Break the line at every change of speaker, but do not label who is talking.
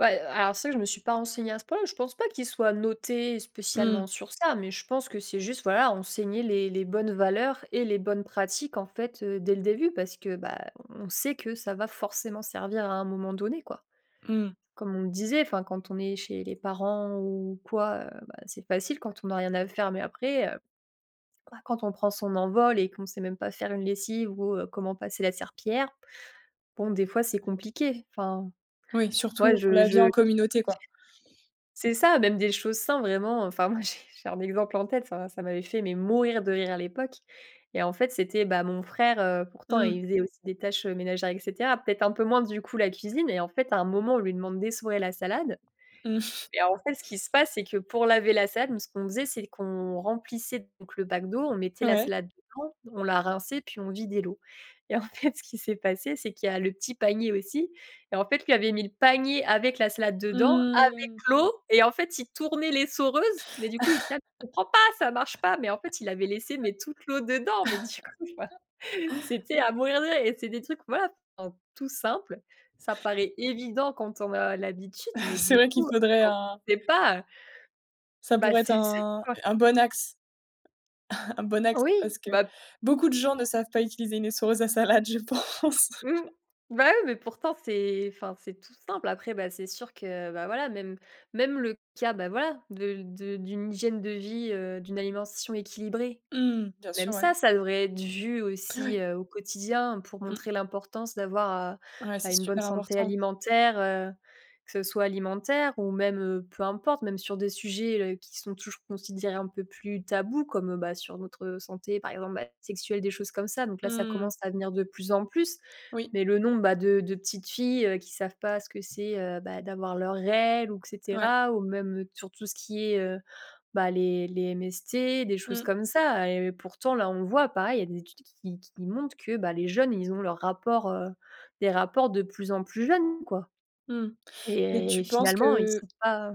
Ouais, heu, alors, ça je me suis pas renseignée à ce point-là, mais je pense pas qu'il soit noté
Mmh.
spécialement sur ça, mais je pense que c'est juste, voilà, enseigner les les bonnes valeurs et les bonnes pratiques, en fait, heu, dès le début. Parce que, bah, on sait que ça va forcément servir à un moment donné, quoi.
Mmh.
Comme on le disait, enfin, quand on est chez les parents ou quoi, heu, bah, c'est facile quand on n'a rien à faire. Mais après, heu, quoi, quand on prend son envol et qu'on sait même pas faire une lessive ou heu, comment passer la serpillière, bon, des fois, c'est compliqué, enfin
Oui,
moi,
surtout pour
je
la vie
je
en communauté, quoi.
c'est ça, même des choses simples, vraiment. Enfin, moi j'ai j'ai un exemple en tête, ça m'a ça m'avait fait, mais, mourir de rire à l'époque, et en fait, c'était, bah, mon frère, heu, pourtant,
Mmh mh.
il faisait aussi des tâches ménagères, et cetera. Peut-être un peu moins, du coup, la cuisine et en fait, à un moment, on lui demande d'essorer la salade,
Mmh.
et en fait, ce qui se passe, c'est que pour laver la salade, nous ce qu'on faisait, c'est qu'on remplissait donc le bac d'eau, on mettait la
Ouais.
salade dedans, on la rinçait, puis on vidait l'eau. Et en fait, ce qui s'est passé, c'est qu'il y a le petit panier aussi. Et en fait, il avait mis le panier avec la salade dedans, avec
Mmh.
l'eau et en fait, il tournait l'essoreuse. Mais du coup, il: [unintelligible] «Je comprends pas, ça marche pas». Mais en fait, il avait laissé, mais toute l'eau dedans. Mais du coup, enfin, c'était à mourir de rire et c'est des trucs, voilà, enfin, tout simples. Ça paraît évident quand on a l'habitude, mais
C'est
du
vrai qu'il
coup,
faudrait
quand
un
on sait pas, heu
ça
Bah,
pourrait être
c'est ça
un
quoi.
un bon axe un bon axe
Oui,
parce que
bah
beaucoup de gens ne savent pas utiliser une essoreuse à salade, je pense.
mmh, bah, oui, mais pourtant c'est enfin c'est tout simple. Après bah, c'est sûr que, bah, voilà, même même le cas, bah, voilà, de de d'une hygiène de vie, heu, d'une alimentation équilibrée.
Mmh, bien
Même
sûr, ouais.
ça, ça devrait être vu aussi,
Oui.
heu, au quotidien pour
Mmh.
montrer l'importance d'avoir, heu,
Ouais, c'est
bah, une bonne
super
santé
important.
alimentaire, heu, que ce soit alimentaire ou même, heu, peu importe, même sur des sujets, heu, qui sont toujours considérés un peu plus tabous comme, bah, sur notre, heu, santé, par exemple, bah, sexuelle, des choses comme ça. Donc là, ça
Mmh.
commence à venir de plus en plus.
Oui.
Mais le nombre, bah, de de petites filles qui savent pas ce que c'est, heu, bah, d'avoir leurs règles, ou, et
Ouais.
cetera. Ou même, heu, sur tout ce qui est, heu, bah, les les MST, des choses
Mmh.
comme ça, et heu, pourtant là, on le voit pareil, il y a des études qui qui qui montent que, bah, les jeunes, ils ont leur rapport heu, des rapports de plus en plus jeunes, quoi,
Mmh, et
et et
tu penses
finalement, ils
que
sont pas